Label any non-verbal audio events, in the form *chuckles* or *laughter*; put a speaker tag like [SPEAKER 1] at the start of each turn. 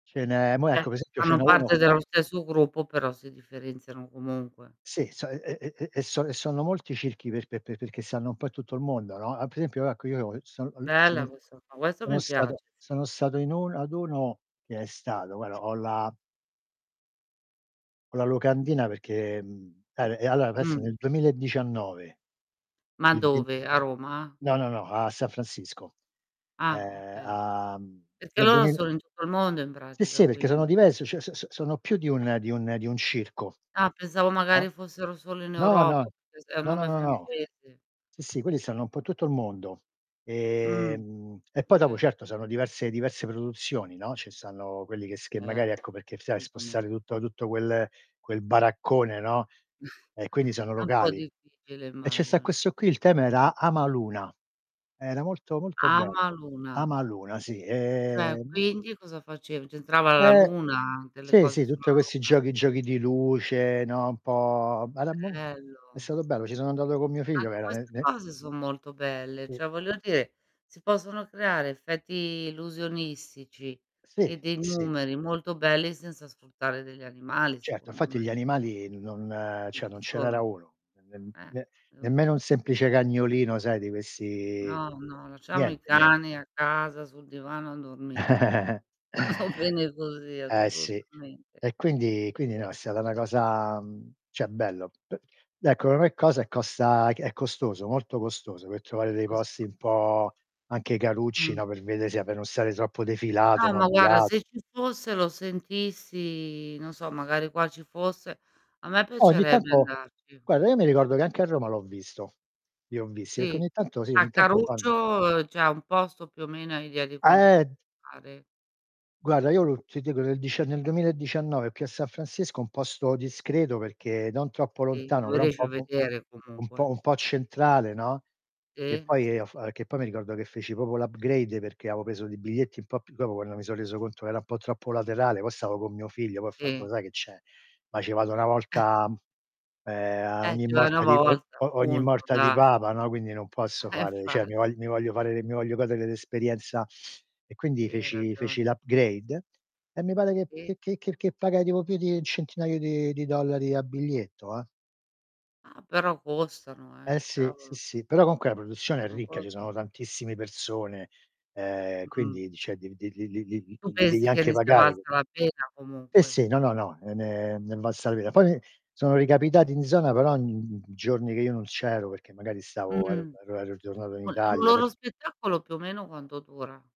[SPEAKER 1] Ce n'è mò
[SPEAKER 2] Cioè,
[SPEAKER 1] ecco pe esempio ce
[SPEAKER 2] fanno
[SPEAKER 1] n'è uno
[SPEAKER 2] parte
[SPEAKER 1] qua
[SPEAKER 2] dello stesso gruppo però si differenziano comunque.
[SPEAKER 1] Sì, so e e e e son e sono molti circhi per pe pe perché stanno un po' in tutto il mondo, no. Altro esempio, ecco, io son al ci
[SPEAKER 2] Bella questa qua, questa
[SPEAKER 1] sono
[SPEAKER 2] mi
[SPEAKER 1] stato
[SPEAKER 2] piace, sì.
[SPEAKER 1] sono stato in uno ad uno che è stato guarda, ho la ho la locandina, perché mhmm, eh, e allo questo
[SPEAKER 2] Mh.
[SPEAKER 1] nel 2019.
[SPEAKER 2] Ma
[SPEAKER 1] Il ven
[SPEAKER 2] dove? A Roma?
[SPEAKER 1] No, no, no, a San Francisco.
[SPEAKER 2] Ah,
[SPEAKER 1] Ehm,
[SPEAKER 2] okay.
[SPEAKER 1] a mhmm,
[SPEAKER 2] Perché
[SPEAKER 1] nel
[SPEAKER 2] loro
[SPEAKER 1] duemila
[SPEAKER 2] sono in tutto il mondo in
[SPEAKER 1] Sì,
[SPEAKER 2] pratica,
[SPEAKER 1] sì, perché sono
[SPEAKER 2] quindi.
[SPEAKER 1] diverso, cioè, so so sono più di un di un di un circo.
[SPEAKER 2] Ah, pensavo
[SPEAKER 1] Ah?
[SPEAKER 2] magari fossero solo in
[SPEAKER 1] No, no.
[SPEAKER 2] Europa, *unintelligible* è un
[SPEAKER 1] No, no,
[SPEAKER 2] nome
[SPEAKER 1] no, no.
[SPEAKER 2] francese.
[SPEAKER 1] Sì, sì quelli stanno in po' tutto il mondo.
[SPEAKER 2] Mh.
[SPEAKER 1] Ehm, e poi dopo,
[SPEAKER 2] Okay.
[SPEAKER 1] certo sono diverse diverse produzioni, no, ci stanno quelli che s che
[SPEAKER 2] Ert
[SPEAKER 1] magari, ecco, perché stai a spostare
[SPEAKER 2] assolutamente.
[SPEAKER 1] tutto tutto quel quel baraccone, no;
[SPEAKER 2] *chuckles*
[SPEAKER 1] e quindi sono
[SPEAKER 2] È un po'
[SPEAKER 1] locali.
[SPEAKER 2] difficile,
[SPEAKER 1] E ce sta
[SPEAKER 2] immagino.
[SPEAKER 1] questo qui il tema
[SPEAKER 2] Mh.
[SPEAKER 1] era Amaluna. Era molto, molto bello.
[SPEAKER 2] Amaluna.
[SPEAKER 1] Amaluna, sì.
[SPEAKER 2] Cioè,
[SPEAKER 1] Ehm
[SPEAKER 2] quindi cosa facev c'entrava la
[SPEAKER 1] Eh.
[SPEAKER 2] luna? Delle
[SPEAKER 1] Sì,
[SPEAKER 2] cose
[SPEAKER 1] sì,
[SPEAKER 2] sulla
[SPEAKER 1] tutte questi
[SPEAKER 2] luna?
[SPEAKER 1] giochi giochi di luce, no, un po' *unintelligible* è
[SPEAKER 2] Bello.
[SPEAKER 1] stato bello, ci sono andato con mio figlio
[SPEAKER 2] Anche
[SPEAKER 1] verame
[SPEAKER 2] queste
[SPEAKER 1] me
[SPEAKER 2] cose son molto belle,
[SPEAKER 1] Sì.
[SPEAKER 2] cioè, voglio dire, si possono creare effetti illusionistici,
[SPEAKER 1] Sì.
[SPEAKER 2] e
[SPEAKER 1] S
[SPEAKER 2] dei
[SPEAKER 1] sì.
[SPEAKER 2] numeri molto belli, senza sfruttare degli animali,
[SPEAKER 1] Certo,
[SPEAKER 2] secondo
[SPEAKER 1] infatti gli
[SPEAKER 2] me.
[SPEAKER 1] animali n non
[SPEAKER 2] Non
[SPEAKER 1] cioè, non
[SPEAKER 2] ci
[SPEAKER 1] ce n'era
[SPEAKER 2] sono.
[SPEAKER 1] uno, nem
[SPEAKER 2] Eh,
[SPEAKER 1] ne
[SPEAKER 2] e lo
[SPEAKER 1] nemmeno
[SPEAKER 2] so.
[SPEAKER 1] un semplice cagnolino sai di questi
[SPEAKER 2] No, no, lasciamo i
[SPEAKER 1] niente, nien
[SPEAKER 2] cani a casa, sul divano a dormire.
[SPEAKER 1] *chuckles*
[SPEAKER 2] *chuckles* Va bene così,
[SPEAKER 1] Eh, sì.
[SPEAKER 2] assolutamente.
[SPEAKER 1] E quindi quindi
[SPEAKER 2] E
[SPEAKER 1] no, è stata una cosa mhmm, cioè bello. P beh, ecco *unintelligible* cosa è costa è costoso, molto costoso, per trovare
[SPEAKER 2] È
[SPEAKER 1] dei posti
[SPEAKER 2] costoso.
[SPEAKER 1] un po' anche carucci,
[SPEAKER 2] Mh.
[SPEAKER 1] no, per vede sia pe non stare troppo defilato,
[SPEAKER 2] No,
[SPEAKER 1] no,
[SPEAKER 2] ma
[SPEAKER 1] di
[SPEAKER 2] guarda,
[SPEAKER 1] la
[SPEAKER 2] se ci fossero sentissi non so, magari qua ci fosse, a me
[SPEAKER 1] Eh, ogni
[SPEAKER 2] piacerebbe
[SPEAKER 1] tanto
[SPEAKER 2] andarci.
[SPEAKER 1] guarda, io mi ricordo che anche a Roma l'ho visto li ho visti perché
[SPEAKER 2] Sì.
[SPEAKER 1] ogni tanto sì,
[SPEAKER 2] Ah,
[SPEAKER 1] ogni tanto
[SPEAKER 2] caruccio
[SPEAKER 1] fanno
[SPEAKER 2] uhm, cioè, un posto, più o meno, hai idea di quanto
[SPEAKER 1] Ah,
[SPEAKER 2] può
[SPEAKER 1] ehm
[SPEAKER 2] costare?
[SPEAKER 1] Guarda, io lo ti dico, nel dice nel 2019 piazza San Francisco un posto discreto perché non troppo
[SPEAKER 2] Sì.
[SPEAKER 1] lontano,
[SPEAKER 2] Lo
[SPEAKER 1] però un
[SPEAKER 2] riesci
[SPEAKER 1] po'
[SPEAKER 2] a
[SPEAKER 1] u u
[SPEAKER 2] vedere
[SPEAKER 1] un po'
[SPEAKER 2] comunque.
[SPEAKER 1] un po' centrale, no. Che
[SPEAKER 2] Sì.
[SPEAKER 1] poi
[SPEAKER 2] Sì, sì.
[SPEAKER 1] af che poi mi ricordo che feci proprio l' upgrade perché avevo preso dei biglietti un po' più dopo quando mi sò reso conto era un po' troppo laterale poi stavo con mio figlio, poi ho fatto:
[SPEAKER 2] Sì.
[SPEAKER 1] "Lo sai che c'è? Ma ce vado una
[SPEAKER 2] *chuckles*
[SPEAKER 1] volta, ehm, uhm, a
[SPEAKER 2] Eh,
[SPEAKER 1] ogni
[SPEAKER 2] ci vai 1
[SPEAKER 1] morta di è o
[SPEAKER 2] volta,
[SPEAKER 1] o o ogni
[SPEAKER 2] punto,
[SPEAKER 1] morta di
[SPEAKER 2] dai.
[SPEAKER 1] Papa, no, quindi non posso
[SPEAKER 2] Eh,
[SPEAKER 1] fare cioè mi
[SPEAKER 2] infatti.
[SPEAKER 1] vogl mi voglio fare l'e mi voglio goderel'esperienza" e quindi,
[SPEAKER 2] Sì, hai
[SPEAKER 1] feci feci
[SPEAKER 2] ragione.
[SPEAKER 1] l'
[SPEAKER 2] *unintelligible*
[SPEAKER 1] upgrade e me pare che
[SPEAKER 2] Sì.
[SPEAKER 1] che che che che pagai tipo più di 1 centinaio di di dollari a biglietto, eh.
[SPEAKER 2] Ah, però costano, eh.
[SPEAKER 1] Eh. sì. Sì,
[SPEAKER 2] Cavolo.
[SPEAKER 1] sì, però comunque la produzione è
[SPEAKER 2] *unintelligible*
[SPEAKER 1] ricca,
[SPEAKER 2] Costano.
[SPEAKER 1] ci sono tantissimi persone, ehm,
[SPEAKER 2] Mh.
[SPEAKER 1] quindi, di cioè, li li li li li
[SPEAKER 2] Tu
[SPEAKER 1] li devi
[SPEAKER 2] pensi che
[SPEAKER 1] anche
[SPEAKER 2] ne sia
[SPEAKER 1] pagare,
[SPEAKER 2] valsa
[SPEAKER 1] capi
[SPEAKER 2] la pena
[SPEAKER 1] sì,
[SPEAKER 2] comunque?
[SPEAKER 1] sì. No, no, no, e ne è ne è valsa la pena. Poi mi sono ricapitati in zona, però, in in giorni che io non c'ero perché magari stavo er
[SPEAKER 2] Mh-mh.
[SPEAKER 1] ero ero ritornato in
[SPEAKER 2] Un un
[SPEAKER 1] Italia. Per
[SPEAKER 2] loro spettacolo più o meno quanto dura?